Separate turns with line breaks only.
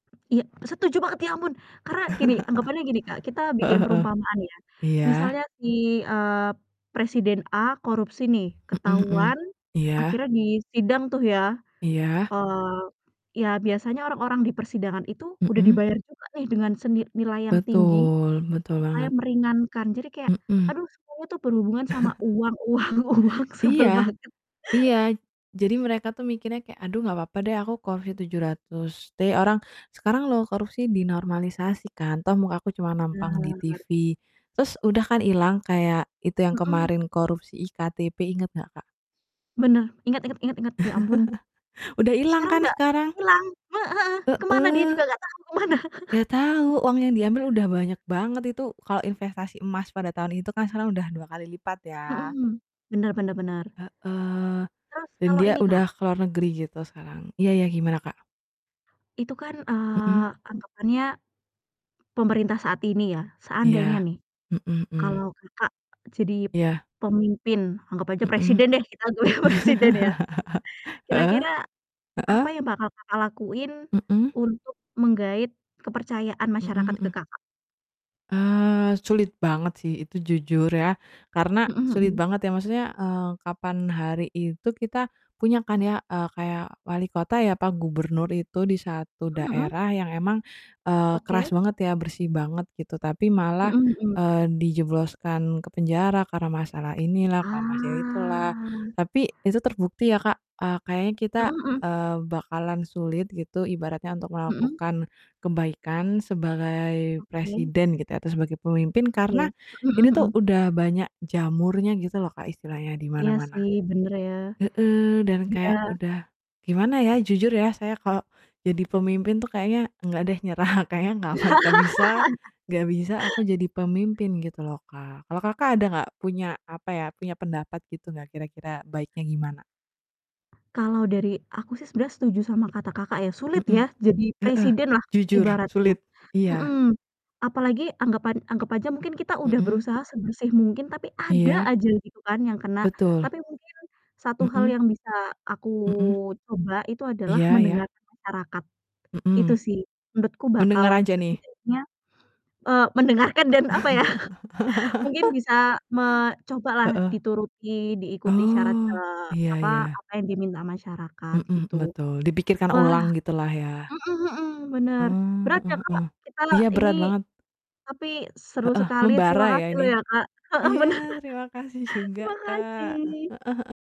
Iya, setuju banget, ya ampun! Karena gini, anggapannya gini, Kak, kita bikin
Heeh heeh,
perumpamaan ya,
iya.
misalnya si, eee, presiden A korupsi nih,
Mhm mhm,
ketahuan
iya.
akhirnya disidang tuh ya,
Iya.
eee, ya biasanya orang-orang di persidangan itu udah
Mhm.
dibayar juga nih, dengan seni nilai yang tinggi,
Betul, betul
supaya
banget.
meringankan, jadi kayak,
Mhm.
aduh, semuanya tuh berhubungan sama uang uang uang,
Iya,
sebel banget.
iya, jadi mereka tuh mikirnya kayak, "Aduh, nggak papa deh aku korupsi 700 trilyun. Orang sekarang loh korupsi dinormalisasi kan, toh muka aku cuma nampang di
Benar.
TV, terus udah kan ilang," kayak itu yang
Mhm.
kemarin korupsi e-KTP inget gak, Kak?
Benar, ingat ingat ingat ingat! Ya ampun,
Udah ilang
sekarang
kan
udah
sekarang?
hilang, heeh heeh, kemana dia
Heeh.
juga gak tahu, kemana?
Nggak tahu, uang yang diambil udah banyak banget itu, kalau investasi emas pada tahun itu kan sekarang udah 2 kali lipat, ya.
Mhm, bener bener bener.
Heeh,
Terus
dan
kalau
dia
ini, Kak
udah ke luar negeri gitu sekarang. Iya iya, gimana, Kak?
itu kan, eee,
Mhm.
anggapannya pemerintah saat ini ya, seandainya
Iya,
nih,
mhm mhm.
kalau Kakak jadi
Iya.
pemimpin, anggap aja
Mhm.
presiden deh, kita anggap aja presiden ya,
Heeh,
kira-kira apa
heeh?
yang bakal Kakak lakuin
Mhm?
untuk menggaet kepercayaan
Mhm
masyarakat ke
mhm.
Kakak?
Eee, sulit banget sih itu, jujur ya, karena
Mhm
sulit
mhm.
banget ya. Maksudnya, eee, kapan hari itu kita punya kan ya, eee, kayak walikota ya, apa gubernur itu di satu
Mhm mhm.
daerah yang emang, eee, keras
Oke.
banget ya, bersih banget gitu, tapi malah,
Mhm mhm.
eee, dijebloskan ke penjara, karena masalah inilah, karena masalah itulah,
Ah.
tapi itu terbukti ya, Kak, eee, kayaknya kita,
Mhm mhm.
eee, bakalan sulit gitu, ibaratnya, untuk
Mhm?
melakukan kebaikan sebagai
Oke.
presiden, gitu ya, atau sebagai pemimpin,
Oke.
karena
Mhm
ini tuh
mhm.
udah banyak jamurnya, gitu loh, Kak, istilahnya di
Iya,
mana-mana.
sih, bener ya.
Heeh, dan
Udah
kayak udah gimana ya, jujur ya, saya kalau jadi pemimpin tuh kayaknya nggak deh, nyerah, kayaknya nggak bakal bisa, nggak bisa aku jadi pemimpin, gitu loh, Kak, kalau Kakak ada nggak punya, apa ya, punya pendapat gitu nggak kira-kira baiknya gimana?
Kalau dari aku sih sebenernya setuju sama kata Kakak ya, sulit ya,
Mhm,
jadi
heeh,
presiden lah
jujur,
ibaratnya,
sulit, iya.
mhm. Apalagi anggapan anggap aja mungkin kita udah
Mhm.
berusaha sebersih mungkin, tapi ada
Iya.
aja gitu kan yang kena.
Betul.
Tapi mungkin satu hal
Mhm.
yang bisa aku
Mhm.
coba itu adalah
Iya iya.
mendengarkan masyarakat. Itu
Mhm.
sih, menurutku bakal
Mendengar aja nih.
setidaknya eee, mendengarkan dan, apa ya, mungkin bisa me coba lah
Heeh.
dituruti, diikuti syarat,
Oh,
eee,
iya
apa
iya.
apa yang diminta masyarakat
Mhm mhm,
gitu.
betul. Dipikirkan
Wah,
ulang gitulah ya.
mhm mhm, bener,
Mmm,
berat ya,
mhm
Kak,
mhm,
kita
iya,
ini,
berat banget.
tapi seru
Heeh,
sekali, terima
membara ya
kasih loh
ini.
ya, Kak. Heeh,
Iya,
bener,
terima kasih juga,
terima
Kak, heeh
kasih.
heeh.